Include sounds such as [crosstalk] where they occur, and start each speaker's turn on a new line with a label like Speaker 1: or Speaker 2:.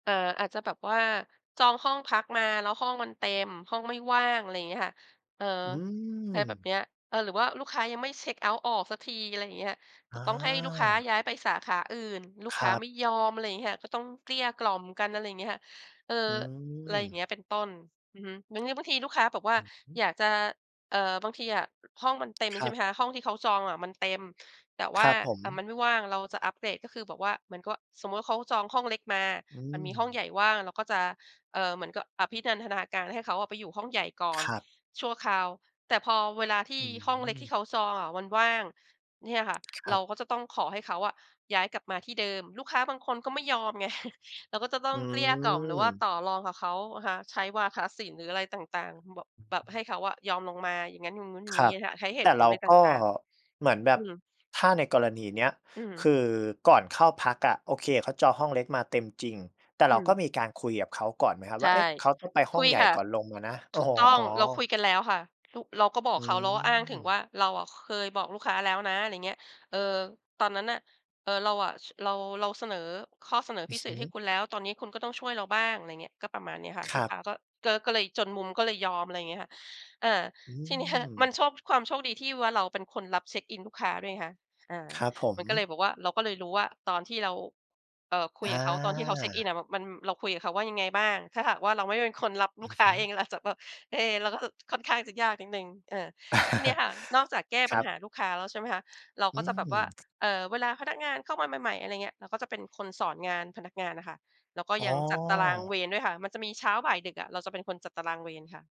Speaker 1: เอ่อ อาจจะแบบว่าจองห้องพักมาแล้วห้องมันเต็ม ห้องไม่ว่าง อะไรอย่างเงี้ยค่ะ เอ่อ
Speaker 2: อื
Speaker 1: อะไรแบบ
Speaker 2: ม
Speaker 1: เนี้ย เออ หรือว่าลูกค้ายังไม่เช็กเอาต์ออกสักที อะไรอย่างเงี้ย แต
Speaker 2: อ
Speaker 1: ่ต้องให้ลูกค้าย
Speaker 2: า
Speaker 1: ้ายไปสาขาอื่น ลูก
Speaker 2: ค
Speaker 1: ค
Speaker 2: ร
Speaker 1: ้า
Speaker 2: ับ
Speaker 1: ไม่ยอม อะไรอย่างเงี้ย ก็ต้องเกลี้ยกล่อมกัน อะไรอย่างเงี้ยค่ะ เอ่อ
Speaker 2: อื
Speaker 1: อะไรอย่างเง
Speaker 2: ม
Speaker 1: ี้ย เป็นต้น อือฮึ งั้น ง บางทีลูกค้าบอกว่
Speaker 2: อ
Speaker 1: า
Speaker 2: ือฮึ
Speaker 1: อยากจะ เอ่อ บางทีอะห้องมันเต็ม
Speaker 2: ค
Speaker 1: ใช
Speaker 2: ร
Speaker 1: ่
Speaker 2: ั
Speaker 1: ไ
Speaker 2: บ
Speaker 1: หมคะ ห้องที่เขาจองอะมันเต็ม แต่ว
Speaker 2: ค
Speaker 1: ่
Speaker 2: ร
Speaker 1: า
Speaker 2: ับผ
Speaker 1: แต่ม
Speaker 2: ม
Speaker 1: ันไม่ว่าง เราจะอัปเกรด ก็คือแบบว่า เหมือนกับว่า สมมุติว่าเขาจองห้องเล็กมา
Speaker 2: อื
Speaker 1: มันมีห้อง
Speaker 2: ม
Speaker 1: ใหญ่ว่าง เราก็จะ เอ่อ เหมือนกับอภินันทนาการให้เขาอะไปอยู่ห้องใหญ่ก่อ
Speaker 2: ค
Speaker 1: น
Speaker 2: รับ
Speaker 1: ชั่วคราว แต่พอเวลาที่
Speaker 2: อื
Speaker 1: ห้องเล็กที่
Speaker 2: ม
Speaker 1: เขาจองอะวันว่าง เนี่ยค่ะ
Speaker 2: ค
Speaker 1: เ
Speaker 2: ร
Speaker 1: ร
Speaker 2: ั
Speaker 1: า
Speaker 2: บ
Speaker 1: ก็จะต้องขอให้เขาอะย้ายกลับมาที่เดิม ลูกค้าบางคนก็ไม่ยอมไง [chuckles] เราก็จะต้อ
Speaker 2: อื
Speaker 1: งเกลี้ยกล่อม หรือว่า
Speaker 2: ม
Speaker 1: ต่อรองกับเขาอะค่ะ ใช้วาทศิลป์ หรืออะไรต่าง ๆ บ
Speaker 2: อือ
Speaker 1: แบบให
Speaker 2: ฮ
Speaker 1: ้
Speaker 2: ึ
Speaker 1: เขาอะยอมลงมา อย่างงั้น อย่างงู้น อย่า
Speaker 2: ค
Speaker 1: ง
Speaker 2: ร
Speaker 1: งี้
Speaker 2: ับ
Speaker 1: ค่ะ ใช้เห
Speaker 2: แต
Speaker 1: ต
Speaker 2: ่
Speaker 1: ุผ
Speaker 2: เ
Speaker 1: ล
Speaker 2: รา
Speaker 1: อะไรต
Speaker 2: ก็
Speaker 1: ่าง
Speaker 2: เหมือนแบ
Speaker 1: ๆ อื
Speaker 2: บ
Speaker 1: ม
Speaker 2: ถ้าในกรณีเนี้ย
Speaker 1: อื
Speaker 2: ค
Speaker 1: ม
Speaker 2: ือก่อนเข้าพักอะ โอเคเขาจองห้องเล็กมาเต็มจริง แต่
Speaker 1: อ
Speaker 2: เ
Speaker 1: ื
Speaker 2: ราก็
Speaker 1: ม
Speaker 2: มีการคุยกับเขาก่อนไหมครับ
Speaker 1: ใ
Speaker 2: ว
Speaker 1: ช
Speaker 2: ่
Speaker 1: ่
Speaker 2: า "เอ๊ะ เขาต้องไปห
Speaker 1: ค
Speaker 2: ้อ
Speaker 1: ุ
Speaker 2: ง
Speaker 1: ย
Speaker 2: ใหญ่
Speaker 1: ค่ะ
Speaker 2: ก่อนลงมานะ"? อ
Speaker 1: ถ
Speaker 2: ๋
Speaker 1: ูกต้อง เราคุ
Speaker 2: อ
Speaker 1: ยกันแล้วค่ะ ร เราก็บอ
Speaker 2: อ
Speaker 1: กเขา เราก็อ้างถึงว
Speaker 2: ืม
Speaker 1: ่า "เราอะเคยบอกลูกค้าแล้วนะ" อะไรอย่างเงี้ย เออ ตอนนั้นน่ะ เออ เราอะ ช เรา เราเสนอข้อเสนอ
Speaker 2: อื
Speaker 1: พ
Speaker 2: อ
Speaker 1: ิเ
Speaker 2: ฮ
Speaker 1: ศษให้
Speaker 2: ึ
Speaker 1: คุณแล้ว ตอนนี้คุณก็ต้องช่วยเราบ้าง อะไรอย่างเงี้ย ก็ประมาณเนี้ยค่ะ
Speaker 2: ค
Speaker 1: ล
Speaker 2: ร
Speaker 1: ูก
Speaker 2: ั
Speaker 1: ค
Speaker 2: บ
Speaker 1: ้าก็ ก็ ก็เลยจนมุม ก็เลยยอม อะไรอย่างเงี้ยค่ะ อา
Speaker 2: อื
Speaker 1: ทีเนี้ย มัน
Speaker 2: ม
Speaker 1: โชค ความโชคดีที่ว่าเราเป็นคนรับเเช็กอินลูกค้าด้วยไงคะ อา
Speaker 2: ครับผ
Speaker 1: ม
Speaker 2: ม
Speaker 1: ันก็เลยบอกว่า เราก็เลยรู้ว่า ตอนที่เรา เอ่อ คุ
Speaker 2: อ
Speaker 1: ยกับเขา ตอนที่เขาเช็กอิน
Speaker 2: า
Speaker 1: อะมัน เราคุยกับเขาว่ายังไงบ้าง ถ้าหากว่าเราไม่เป็นคนรับล
Speaker 2: อ
Speaker 1: ู
Speaker 2: ื
Speaker 1: ก
Speaker 2: อ
Speaker 1: ค
Speaker 2: ฮ
Speaker 1: ้าเ
Speaker 2: ึ
Speaker 1: อง เราอาจจะแบบ เอ๊ะ เราก็ บ ค่อนข้างจะยากนิดหนึ่ง เออ ทีเนี้ย
Speaker 2: [chuckles]
Speaker 1: ค่ะ นอกจากแก้
Speaker 2: ค
Speaker 1: ป
Speaker 2: ร
Speaker 1: ัญ
Speaker 2: ั
Speaker 1: หา
Speaker 2: บ
Speaker 1: ลูกค้าแล้ว ใช่ไหมคะ เรา
Speaker 2: อ
Speaker 1: ก
Speaker 2: ื
Speaker 1: ็จะแบบว่า
Speaker 2: ม
Speaker 1: เอ่อ เวลาพนักงานเข้ามาใหม่ ๆ อะไรอย่างเงี้ย เราก็จะเป็นคนสอนงานพนักงานอะค่ะ แล้วก็
Speaker 2: อ๋
Speaker 1: ยั
Speaker 2: อ
Speaker 1: งจัดตารางเวรด้วยค่ะ มันจะมีเช้า บ่าย ดึก อะ เราจะเป็นคนจัดตารางเวรค่ะ